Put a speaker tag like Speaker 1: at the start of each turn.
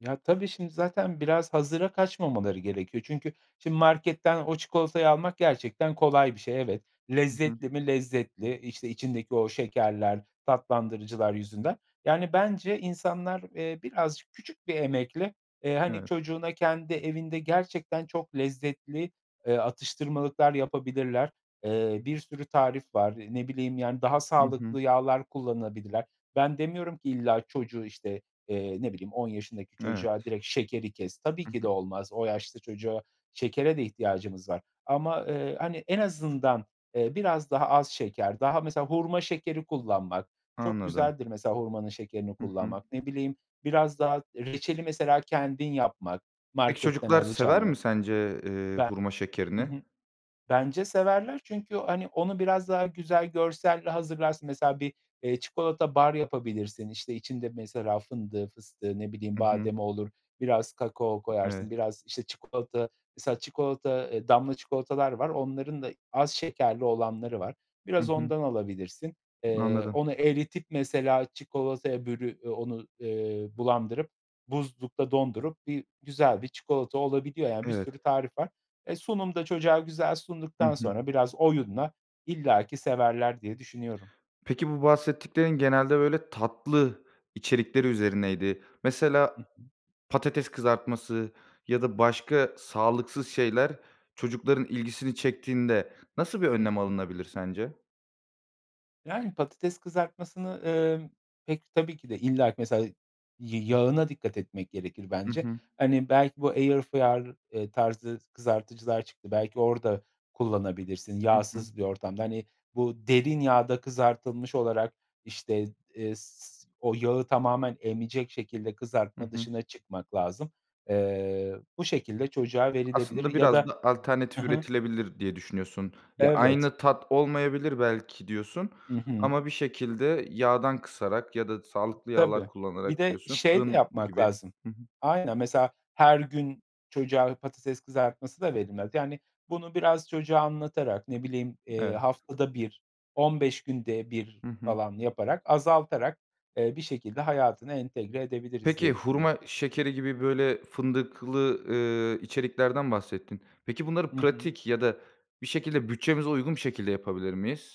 Speaker 1: Ya, tabii şimdi zaten biraz hazıra kaçmamaları gerekiyor. Çünkü, şimdi, marketten o çikolatayı almak gerçekten kolay bir şey, evet.
Speaker 2: Hı hı.
Speaker 1: Lezzetli mi, lezzetli, işte, içindeki o şekerler, tatlandırıcılar yüzünden. Yani, bence insanlar, eee, birazcık küçük bir emekle, eee, hani,
Speaker 2: Evet.
Speaker 1: çocuğuna kendi evinde gerçekten çok lezzetli, eee, atıştırmalıklar yapabilirler. Eee, bir sürü tarif var. Eee, ne bileyim, yani, daha
Speaker 2: Hı hı.
Speaker 1: sağlıklı yağlar kullanabilirler. Ben demiyorum ki, illa çocuğu, işte, eee, ne bileyim, 10 yaşındaki
Speaker 2: Evet.
Speaker 1: çocuğa direkt şekeri kes. Tabii
Speaker 2: Hı
Speaker 1: ki
Speaker 2: hı.
Speaker 1: de olmaz, o yaşta çocuğa şekere de ihtiyacımız var ama, eee, hani, en azından, eee, biraz daha az şeker, daha, mesela, hurma şekeri kullanmak, çok
Speaker 2: Anladım.
Speaker 1: güzeldir mesela hurmanın şekerini
Speaker 2: Hı hı.
Speaker 1: kullanmak ne bileyim biraz daha reçeli mesela kendin yapmak
Speaker 2: Peki,
Speaker 1: marketten
Speaker 2: çocuklar sever
Speaker 1: alacağına.
Speaker 2: mi sence, eee,
Speaker 1: Be
Speaker 2: hurma
Speaker 1: hı
Speaker 2: şekerini?
Speaker 1: hı. Bence severler çünkü, hani, onu biraz daha güzel görselle hazırlarsın mesela bir, eee, çikolata bar yapabilirsin, işte, içinde mesela fındığı, fıstığı, ne bileyim,
Speaker 2: I hı.
Speaker 1: bademi olur, biraz kakao
Speaker 2: I
Speaker 1: koyarsın,
Speaker 2: evet.
Speaker 1: biraz, işte çikolata mesela çikolata, eee, damla çikolatalar var onların da az şekerli olanları var.
Speaker 2: I
Speaker 1: Biraz
Speaker 2: hı.
Speaker 1: ondan alabilirsin. Eee,
Speaker 2: Anladım.
Speaker 1: onu eritip, mesela, çikolataya bölü eee, onu, eee, bulandırıp buzlukta dondurup bir güzel bir çikolata olabiliyor yani bir sürü
Speaker 2: Evet.
Speaker 1: tarif var. E, sunum da çocuğa güzel
Speaker 2: Hı
Speaker 1: sunduktan
Speaker 2: hı.
Speaker 1: sonra biraz oyunla, illaki severler diye düşünüyorum.
Speaker 2: Peki, bu bahsettiklerin genelde, böyle, tatlı içerikleri üzerineydi. Mesela,
Speaker 1: Hı hı.
Speaker 2: patates kızartması ya da başka sağlıksız şeyler çocukların ilgisini çektiğinde nasıl bir
Speaker 1: Hı
Speaker 2: önlem
Speaker 1: hı.
Speaker 2: alınabilir sence?
Speaker 1: Yani, patates kızartmasını, ımm, pek, tabii ki de, illaki, mesela, y yağına dikkat etmek gerekir
Speaker 2: I
Speaker 1: bence.
Speaker 2: hı.
Speaker 1: Hani, belki bu air fryer tarzı s kızartıcılar çıktı. Belki orada kullanabilirsin,
Speaker 2: I hı.
Speaker 1: yağsız bir ortamda. Hani, bu derin yağda kızartılmış olarak, işte, eee, s o yağı tamamen emecek şekilde
Speaker 2: Hı
Speaker 1: kızartma
Speaker 2: hı.
Speaker 1: dışına çıkmak lazım. Eee, bu şekilde çocuğa verilebilir
Speaker 2: Aslında
Speaker 1: ya
Speaker 2: biraz
Speaker 1: da
Speaker 2: da
Speaker 1: hı
Speaker 2: alternatif
Speaker 1: hı.
Speaker 2: üretilebilir diye düşünüyorsun. Ya,
Speaker 1: Evet.
Speaker 2: aynı tat olmayabilir belki diyorsun
Speaker 1: Hı hı.
Speaker 2: ama bir şekilde yağdan kısarak ya da sağlıklı yağlar
Speaker 1: Tabii. Bir
Speaker 2: kullanarak
Speaker 1: de
Speaker 2: diyorsun,
Speaker 1: şey de
Speaker 2: fırın
Speaker 1: yapmak
Speaker 2: gibi
Speaker 1: lazım.
Speaker 2: Hı hı.
Speaker 1: Aynen, mesela, her gün çocuğa patates kızartması da verilmez. Yani, bunu biraz çocuğa anlatarak, ne bileyim, eee,
Speaker 2: Evet.
Speaker 1: haftada 1 15 günde 1
Speaker 2: Hı hı.
Speaker 1: falan yaparak azaltarak, eee, bir şekilde hayatına entegre edebiliriz
Speaker 2: Peki,
Speaker 1: diye düşünüyorum.
Speaker 2: hurma şekeri gibi, böyle, fındıklı, ııı, içeriklerden bahsettin. Peki, bunları
Speaker 1: Hı hı.
Speaker 2: pratik ya da bir şekilde bütçemize uygun bir şekilde yapabilir miyiz?